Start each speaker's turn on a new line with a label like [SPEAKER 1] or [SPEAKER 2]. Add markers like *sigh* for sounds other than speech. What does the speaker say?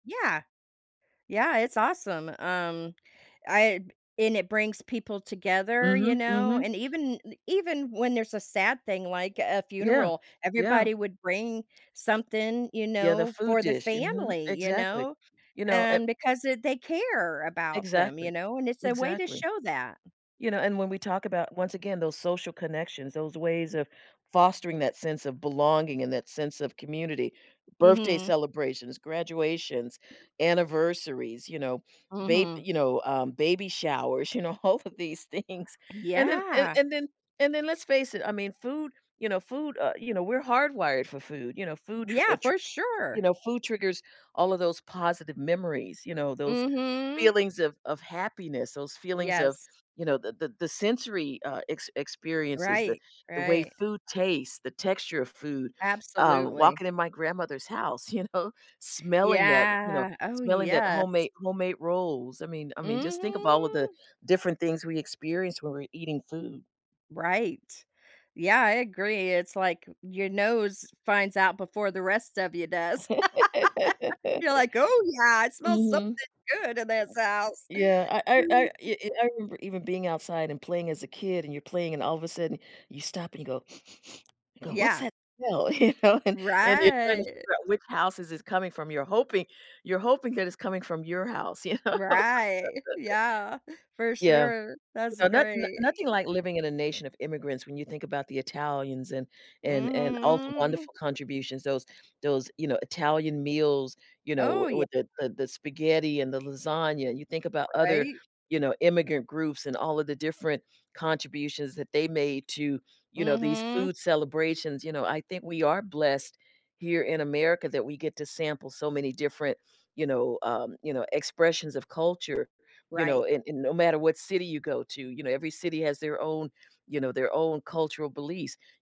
[SPEAKER 1] Yeah. Yeah, it's awesome, um, I b and it brings people together, you
[SPEAKER 2] Mhm,
[SPEAKER 1] know,
[SPEAKER 2] mhm.
[SPEAKER 1] and even i even when there's a sad thing like a
[SPEAKER 2] Yeah,
[SPEAKER 1] funeral,
[SPEAKER 2] yeah.
[SPEAKER 1] everybody would bring something, you
[SPEAKER 2] Yeah, the
[SPEAKER 1] know,
[SPEAKER 2] food
[SPEAKER 1] for the
[SPEAKER 2] dish. Mhm,
[SPEAKER 1] family, you
[SPEAKER 2] exactly.
[SPEAKER 1] know,
[SPEAKER 2] You know, it
[SPEAKER 1] and because it they care about them,
[SPEAKER 2] Exactly.
[SPEAKER 1] you know, and it's a way to
[SPEAKER 2] Exactly.
[SPEAKER 1] show that.
[SPEAKER 2] You know, and when we talk about, once again, those social connections, those ways of fostering that sense of belonging and that sense of community, birthday
[SPEAKER 1] Mhm.
[SPEAKER 2] celebrations, graduations, anniversaries, you know, bab
[SPEAKER 1] Mhm.
[SPEAKER 2] you know, um, baby showers, you know, all of these things. And then and
[SPEAKER 1] Yeah.
[SPEAKER 2] and then and then let's face it, I mean, food you know, food, uh you know, we're hardwired for food. You know, food
[SPEAKER 1] We
[SPEAKER 2] tr uh,
[SPEAKER 1] Yeah,
[SPEAKER 2] tr
[SPEAKER 1] for
[SPEAKER 2] You
[SPEAKER 1] sure.
[SPEAKER 2] know, food triggers all of those positive memories, you know, those
[SPEAKER 1] Mhm.
[SPEAKER 2] feelings of of happiness, those feelings of,
[SPEAKER 1] Yes.
[SPEAKER 2] you know, the the the sensory, uh, ex experiences that
[SPEAKER 1] Right,
[SPEAKER 2] the way
[SPEAKER 1] right.
[SPEAKER 2] food tastes, the texture of food, um,
[SPEAKER 1] Absolutely.
[SPEAKER 2] walking in my grandmother's house, you know, smelling that, you know,
[SPEAKER 1] Yeah, oh,
[SPEAKER 2] smelling that
[SPEAKER 1] yes.
[SPEAKER 2] homemade homemade rolls, I mean I mean just think about all the
[SPEAKER 1] Mhm.
[SPEAKER 2] different things we experience when we're eating food.
[SPEAKER 1] Right. Yeah, I agree, it's like your nose finds out before the rest of you does. *laughs* You're like, "Oh,
[SPEAKER 2] *laughs*
[SPEAKER 1] yeah, it smells something
[SPEAKER 2] Mhm.
[SPEAKER 1] good in this house."
[SPEAKER 2] Yeah. I I I y y I remember even being outside and playing as a kid and you're playing and all of a sudden you stop and you go *sniffs* you go "What's
[SPEAKER 1] Yeah.
[SPEAKER 2] that smell?" you know, and and you're trying to
[SPEAKER 1] Right.
[SPEAKER 2] figure out which house is this coming from, you're hoping you're hoping that it's coming from your house, you know.
[SPEAKER 1] Right, *chuckles*
[SPEAKER 2] *laughs*
[SPEAKER 1] yeah, for
[SPEAKER 2] Yeah.
[SPEAKER 1] sure. That's
[SPEAKER 2] No not
[SPEAKER 1] great.
[SPEAKER 2] no-nothing like living in a nation of immigrants when you think about the Italians and and and all the
[SPEAKER 1] Mhm.
[SPEAKER 2] wonderful contributions, those those, you know, Italian meals, you know,
[SPEAKER 1] Oh,
[SPEAKER 2] w
[SPEAKER 1] yeah.
[SPEAKER 2] with the the the spaghetti and the lasagna, you think about other,
[SPEAKER 1] Right?
[SPEAKER 2] you know, immigrant groups and all of the different contributions that they made to, you know, these
[SPEAKER 1] Mhm.
[SPEAKER 2] food celebrations, you know, I think we are blessed here in America that we get to sample so many different, you know, um, you know, expressions of culture, you know,
[SPEAKER 1] Right.
[SPEAKER 2] and and no matter what city you go to, you know, every city has their own, you know, their own cultural beliefs.